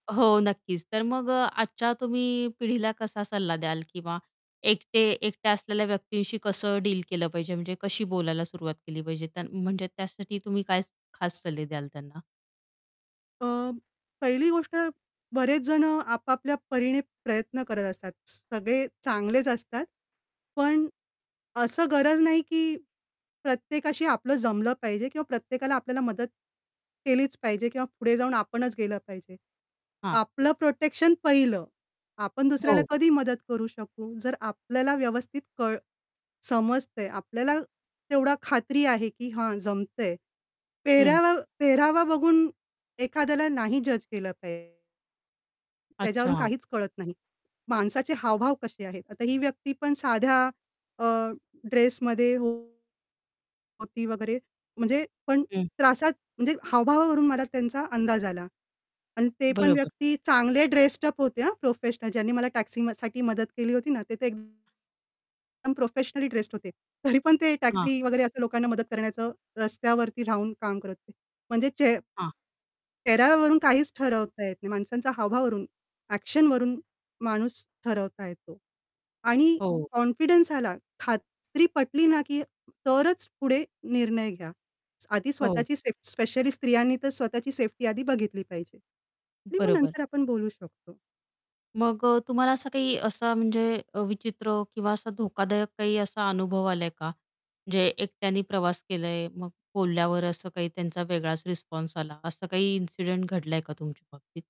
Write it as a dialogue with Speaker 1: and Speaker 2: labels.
Speaker 1: हो, नक्कीच. तर मग अ, आजच्या तुम्ही पिढीला कसा सल्ला द्याल किंवा एकटे एकट्या असलेल्या व्यक्तींशी कसं डील केलं पाहिजे म्हणजे कशी बोलायला सुरुवात केली पाहिजे? म्हणजे त्यासाठी तुम्ही काय खास सल्ले द्याल त्यांना?
Speaker 2: अ, पहिली गोष्ट बरेच जण आपापल्या परीने प्रयत्न करत असतात. सगळे चांगलेच असतात. पण असं गरज नाही, की प्रत्येकाशी आपलं जमलं पाहिजे किंवा प्रत्येकाला आपल्याला मदत केलीच पाहिजे किंवा पुढे जाऊन आपणच गेलं पाहिजे.
Speaker 1: हां.
Speaker 2: आपलं प्रोटेक्शन पाहिलं. आपण दुसऱ्याला
Speaker 1: हो.
Speaker 2: कधी मदत करू शकू जर आपल्याला व्यवस्थित कळ समजतंय. आपल्याला तेवढी खात्री आहे, की हा जमतंय.
Speaker 1: हं.
Speaker 2: पेहरावा पेहरावा बघून एखाद्याला नाही जज केलं पा त्याज्यावरून
Speaker 1: अच्छा.
Speaker 2: काहीच कळत नाही. माणसाचे हावभाव कसे आहेत? आता ही व्यक्ती पण साध्या अ, ड्रेसमध्ये होती वगैरे म्हणजे पण
Speaker 1: हं.
Speaker 2: त्रासात म्हणजे हावभावावरून मला त्यांचा अंदाज आला. आणि ते पण
Speaker 1: बरोबर.
Speaker 2: व्यक्ती चांगले ड्रेस्ड अप होते हं प्रोफेशनल ज्यांनी मला टॅक्सी म साठी मदत केली होती ना ते तर एकदम प्रोफेशनल ड्रेस्ड होते. तरी पण ते
Speaker 1: हां.
Speaker 2: टॅक्सी वगैरे असं लोकांना मदत करण्याचं रस्त्यावरती राहून काम करत होते. म्हणजे चे
Speaker 1: हां.
Speaker 2: चेहऱ्यावरून काहीच ठरवता येत नाही. माणसांचा हावभाव वरून ॲक्शनवरून माणूस ठरवता येतो. आणि
Speaker 1: हो.
Speaker 2: कॉन्फिडन्स आला, खात्री पटली ना की तरच पुढे निर्णय घ्या. आधी
Speaker 1: हो.
Speaker 2: स्वतःची सेफ स्पेशली स्त्रियांनी तर स्वतःची सेफ्टी आधी बघितली पाहिजे. आणि मग
Speaker 1: बरोबर.
Speaker 2: नंतर आपण बोलू शकतो.
Speaker 1: मग अ, तुम्हाला असं काही असा म्हणजे अ, विचित्र किंवा असा धोकादायक काही असा अनुभव आलाय का? म्हणजे एकट्याने प्रवास केलाय मग बोलल्यावर असं काही त्यांचा वेगळाच रिस्पॉन्स आला, असं काही इन्सिडेंट घडलाय का तुमच्या बाबतीत?